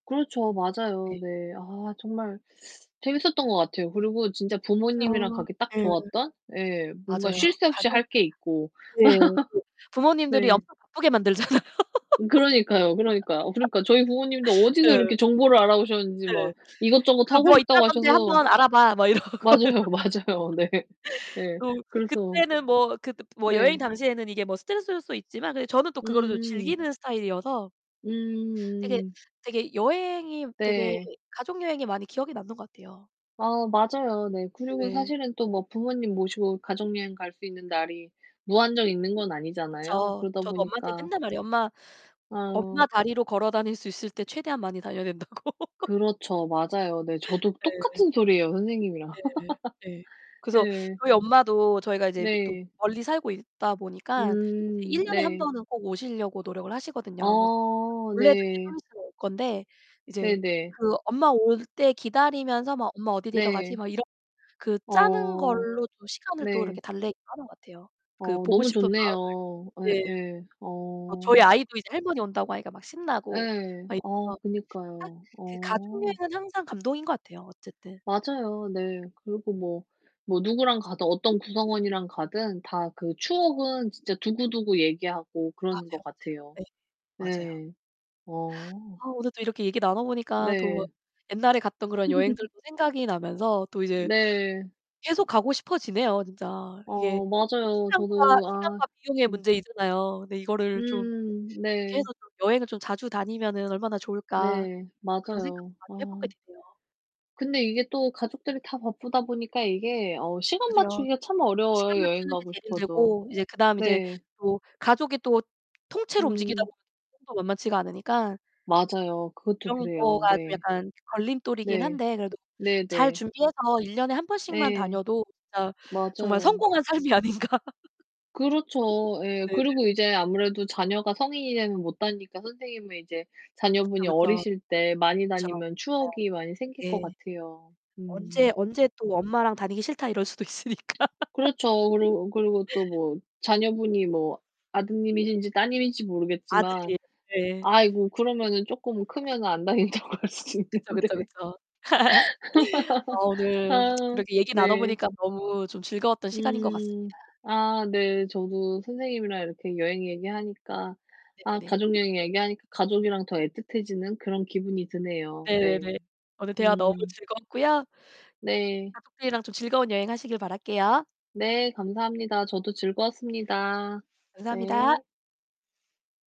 그렇죠. 네. 맞아요. 네. 아 정말 재밌었던 것 같아요. 그리고 진짜 부모님이랑 맞아요. 가기 딱 예. 좋았던. 네 뭔가 맞아요. 쉴 새 없이 할 가족 게 있고. 네. 그 부모님들이 네. 엄청 바쁘게 만들잖아요. 음 그러니까요, 그러니까요. 어 그러니까 저희 부모님도 어디서 예. 이렇게 정보를 알아보셨는지 예. 막 이것저것 "그 하고 뭐 싶다고 있다던데 하셔서 한번 알아봐." 막 이러고. 맞아요, 맞아요. 네. 예. 또 그래서 그때는 뭐 그때 뭐 네. 여행 당시에는 이게 뭐 스트레스일 수도 있지만 그래도 저는 또 그거를 음. 즐기는 스타일이어서 되게 음음. 되게 여행이 되게 네. 가족 여행이 많이 기억에 남는 것 같아요. 아 맞아요. 네. 그리고 네네. 사실은 또 뭐 부모님 모시고 가족 여행 갈 수 있는 날이 무한정 있는 건 아니잖아요. 그쵸. 그러다 저도 엄마한테 보니까 맨날 말해요. "엄마, 아. 엄마 다리로 걸어 다닐 수 있을 때 최대한 많이 다녀야 된다."고. 그렇죠. 맞아요. 네. 저도 네. 똑같은 소리 해요 선생님이랑. 네. 예. 그래서 네. 저희 엄마도 저희가 이제 또 네. 멀리 살고 있다 보니까 이제 1 음 년에 1 네. 번은 꼭 오시려고 노력을 하시거든요. 그래서 아 원래도 이제 좀 네. 있으면 올 건데 이제 네네. 그 엄마 올 때 기다리면서 막 '엄마 어디 데려가지?' 네. 막 이렇 그 짜는 어 걸로 또 시간을 또 이렇게 네. 달래기도 하는 것 같아요. 그 어 보고 너무 싶은 마음을. 좋네요. 예. 예예. 어 저희 어. 아이도 이제 할머니 온다고 하니까 막 신나고 예. 막 아 이래서. 딱 그니까요. 그 가족 어. 여행은 항상 감동인 것 같아요 어쨌든. 맞아요. 네. 그리고 뭐, 뭐 누구랑 가든 어떤 구성원이랑 가든 다 그 그쵸, 그쵸. 추억은 진짜 두고두고 얘기하고 그러는 것 맞아요, 맞아요. 같아요. 네. 맞아요. 네. 어. 아 오늘 또 이렇게 얘기 나눠 보니까 또 네. 옛날에 갔던 그런 여행들도 생각이 나면서 또 이제 네. 계속 가고 싶어 지네요 진짜. 이게 어 맞아요. 시간과, 저도 아 시간과 비용의 음. 문제이잖아요. 근데 이거를 좀 음. '어떻게 네. 해서 좀 여행을 좀 자주 다니면은 얼마나 좋을까.' 네. 그런 생각도 맞아요. 아. 많이 해 보게 되네요. 근데 이게 또 가족들이 다 바쁘다 보니까 이게 어 시간 그죠. 맞추기가 참 시간 어려워요 여행 맞추는 게 가고 제일 싶어도. 힘들고 이제 그다음 이제 네. 뭐 가족이 또 통째로 움직이다 음. 보면 [unintelligible] 도 만만치가 않으니까 맞아요. 그것도 그런 그래요. 거가 좀 네. 약간 걸림돌이긴 네. 한데 그래도 잘 네네. 준비해서 1 년에 1 번씩만 예. 다녀도 진짜 정말 맞아요. 성공한 삶이 아닌가. 그렇죠. 예. 네네. 그리고 이제 아무래도 자녀가 성인이 되면 못 다니니까 선생님은 이제 그쵸, 자녀분이 그쵸. 어리실 때 많이 그쵸. 다니면 추억이 많이 생길 네. 것 예. 같아요. 언제 음. 언제 또 "엄마랑 다니기 싫다." 이럴 수도 있으니까. 그렇죠. 그리고 그리고 또 뭐 자녀분이 뭐 아드님이신지 따님인지 모르겠지만 아들이에요. 네. 아이고 그러면은 쪼끔 크면은 안 다닌다고 할 수도 그쵸, 있는데. 그쵸, 그쵸. 아 오늘 아 이렇게 얘기 나눠 네. 보니까 너무 좀 즐거웠던 시간인 것 같습니다. 음. 아 네. 저도 선생님이랑 이렇게 여행 얘기하니까 아 네네네. 가족 여행 얘기하니까 가족이랑 더 애틋해지는 그런 기분이 드네요. 네. 네네. 오늘 대화 너무 음. 즐거웠고요. 네. 가족들이랑 좀 즐거운 여행 하시길 바랄게요. 네 감사합니다. 저도 즐거웠습니다. 네. 감사합니다.